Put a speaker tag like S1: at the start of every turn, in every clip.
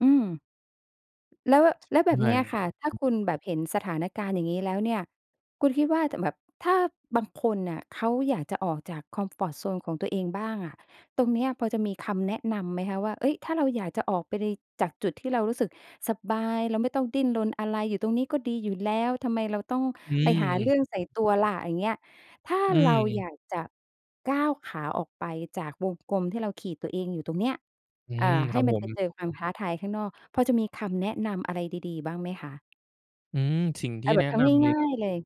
S1: อืม แล้ว แล้วแบบ
S2: ใช
S1: เ
S2: ่
S1: นี้ยค่ะ ถ้า
S2: อ
S1: คุณแบบเห็นสถานการณ์อย่างงี้แล้วเนี่ย คุณคิดว่า จะ แบบถ้าบางคนน่ะเขาอยากจะออกจากคอมฟอร์ตโซนของตัวเองบ้างอะ ตรงเนี้ยพอจะมีคำแนะนำไหมคะ? ว่า เฮ้ย ถ้าเราอยากจะออกไปใน จากจุดที่เรารู้สึกสบาย เราไม่ต้องดิ้นรนอะไร อยู่ตรงนี้ก็ดีอยู่แล้ว ทำไมเราต้อง
S2: อื
S1: ไปหา
S2: อ
S1: เรื่องใส่ตัวล่ะ อย่างเงี้ย ถ้า
S2: อื
S1: เราอย
S2: อ
S1: ากจะก้าวขาออกไปจากวงกลมที่เราขีดตัวเองอยู่ตรงเนี้ย
S2: อื
S1: อ่า
S2: อ
S1: ใ
S2: ค
S1: ห้
S2: รับ
S1: มั
S2: ผ
S1: นไป
S2: ม
S1: เจอความท้าทายข้างนอก พอจะมีคำแนะนำอะไรดี ๆ บ้างไหมคะ?
S2: อือ สิ่งท
S1: เ
S2: ี
S1: อ
S2: ่
S1: าแบ
S2: แนะ
S1: บท
S2: น
S1: ำ
S2: ำเล
S1: ง
S2: ย
S1: ่า
S2: ก็
S1: ย
S2: ค
S1: ๆ เล
S2: ือ
S1: ย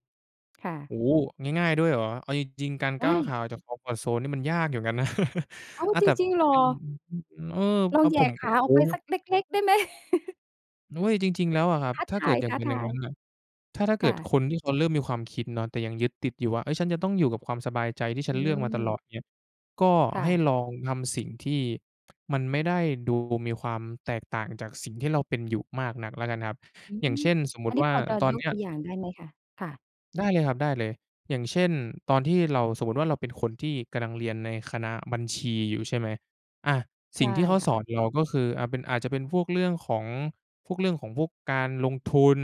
S1: ค่ะ
S2: โอ้โฮ! ง่าย ๆ ด้วยเหรอ? เอาจริง ๆ การ
S1: ไ
S2: ก
S1: ด
S2: ้าวข
S1: ้
S2: าออกจากคอมฟอร์ตโซนนี่มันยากอยู่กันนะ
S1: อ้าว
S2: อา
S1: จ
S2: แต่
S1: ริง ๆ เหรอ?
S2: เป็น อือ อา เออ
S1: ล
S2: โอ้
S1: อ
S2: อ
S1: ง
S2: ะ
S1: แหย
S2: ผ
S1: ่
S2: ม โ
S1: ข
S2: ผะ
S1: าอ
S2: โอ
S1: อ
S2: ้
S1: กไปสักเล็ก ๆ ได้ไหม?
S2: โอ๊ย จริง ๆ แล้วอะครั
S1: ท
S2: บ
S1: ้า
S2: ถ้าเกิดอย่างเป็
S1: ท
S2: นอย่าง
S1: า
S2: ง
S1: ย
S2: ั้น
S1: ๆ
S2: น่ะ ถ้า ถ้าเ
S1: ค
S2: กิ
S1: ่
S2: ด
S1: ะ
S2: คนที่เขาเริ่มมีความคิดเนาะ แต่ยังยึดติดอยู่ว่า เฮ้ย ฉันจะต้องอยู่กับความสบายใจที่ฉ
S1: อ
S2: ั
S1: ื
S2: นเลือกมาตลอด
S1: ม
S2: เงี้ย ก็
S1: ค่
S2: ให้
S1: ะ
S2: ลองทำสิ่ง ที่ มันไม่ได้ดูมีความแตกต่างจากสิ่งที่เราเป็นอยู่มากนักแล้วกันครับ
S1: อื
S2: อย่าง
S1: ม
S2: เช่น สมม
S1: อ
S2: ุ
S1: ั
S2: ต
S1: น
S2: ิ
S1: นี้
S2: ว่า
S1: พอจะ
S2: ตอ
S1: ย
S2: นเ
S1: ก
S2: นี้
S1: ต
S2: ย
S1: ัวอย่างได้ไหมคะ? ค่ะ
S2: ได้เลยครับ ได้เลย อย่างเช่น ตอนที่เรา สมมุติว่า เราเป็นคนที่กำลังเรียนในคณะบัญชีอยู่ใช่ไหม อา
S1: ใ
S2: ส
S1: ช
S2: ิ่
S1: ่
S2: งที่เขา
S1: ค่
S2: สอ
S1: ะ
S2: นเราก็คือ อา เป็น อาจจะเป็นพวกเรื่องของ พวกเรื่องของพวกการลงทุน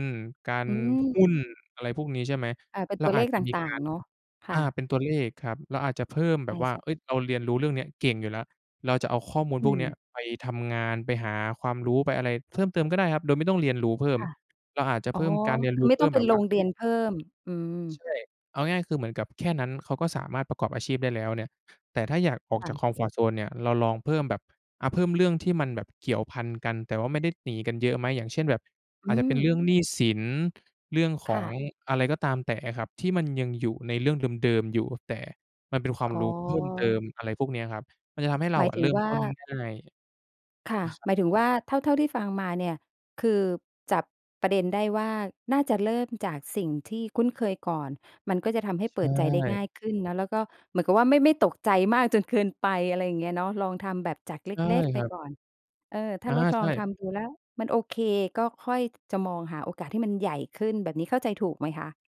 S2: กา
S1: อ
S2: ร
S1: ื
S2: หุ้น
S1: ม
S2: อะไรพวกนี้ใช่ไหม
S1: อา เป็น
S2: เร
S1: ต
S2: า
S1: ัว
S2: อ
S1: เล
S2: าจ
S1: ข
S2: จะ
S1: ต
S2: มี
S1: ่
S2: ก
S1: า
S2: า
S1: ง
S2: ร
S1: ๆ เนาะ ค
S2: อ
S1: ่
S2: า
S1: ะ
S2: เป็นตัวเลขครับ เราอาจจะเพิ่มแบ
S1: อา
S2: บว่า
S1: ใช่
S2: เฮ้ย เราเรียนรู้เรื่องเนี้ยเก่งอยู่แล้ว เราจะเอาข้อมูล
S1: อ
S2: พ
S1: ื
S2: วกเนี้ย
S1: ม
S2: ไปทำงาน ไปหาความรู้ ไปอะไรเพิ่มเติมก็ได้ครับ โดยไม่ต้องเรียนรู้เพิ่ม
S1: ค่ะ
S2: เราอาจจะ
S1: อ
S2: เ
S1: ๋
S2: พ
S1: อ
S2: ิ่มการเรียน
S1: ค
S2: ร
S1: ือ
S2: ู้
S1: ไม่
S2: เพ
S1: ต
S2: ิ
S1: ้อ
S2: ่ม
S1: งไป
S2: แบบ
S1: ล
S2: ว่า
S1: งเ
S2: เ
S1: ร
S2: ฮ
S1: ี
S2: ้ย
S1: ยนเพิ่ม อืม
S2: ใช่ เอาง่าย ๆ คือเหมือนกับแค่นั้นเขาก็สามารถประกอบอาชีพได้แล้วเนี่ย แต่ถ้าอยากออก
S1: ค่
S2: จา
S1: ะ
S2: กคอมฟอร์ตโซนเนี่ยเราลองเพิ่มแบบ อะ เพิ่มเรื่องที่มันแบบเกี่ยวพันกัน แต่ว่าไม่ได้ หนีกันเยอะไหม อย่างเช่น แบบ
S1: อื
S2: อาจจะเป็
S1: ม
S2: นเรื่องหนี้สิน เรื่องข
S1: ค
S2: อ
S1: ่
S2: ง
S1: ะ
S2: อะไรก็ตามแต่อะครับ ที่มันยังอยู่ในเรื่องเดิม ๆ อยู่ แต่มันเป็นความ
S1: อ อ๋
S2: รู้เพิ่มเติ
S1: อ
S2: ม อะไรพวกเนี้ยครับ มันจะทำให้เร
S1: ห
S2: า
S1: มา
S2: อ
S1: ย
S2: ะ
S1: ถ
S2: เ
S1: ึ
S2: ริ
S1: ง
S2: ่ม
S1: ว่
S2: ต้น
S1: า
S2: ง่าย
S1: ค่ะ
S2: อา ครับ
S1: หมายถึงว่า เท่า เท่าที่ฟังมาเนี่ย คือจับประเด็นได้ว่า น่าจะเริ่มจากสิ่งที่คุ้นเคยก่อน มันก็จะทำให้
S2: ใ
S1: เ
S2: ช
S1: ปิดใจได้ง
S2: ่
S1: ่ายขึ้นเนาะ แล้วก็ เหมือนกับว่า ไม่ ไม่ตกใจมากจนเกินไป อะไรอย่างเงี้ยเนาะ ลองทำแบบจากเ
S2: ใช่
S1: ล็ก ๆ ไ
S2: ค
S1: ป
S2: รับ
S1: ก่อน เออ ถ้
S2: อ
S1: า
S2: า
S1: ลดล
S2: ใช
S1: อง
S2: ่
S1: ทำดูแล้วมันโอเค ก็ค่อยจะมองหาโอกาสที่มันใหญ่ขึ้น แบบนี้ เข้าใจถูกไหมคะ?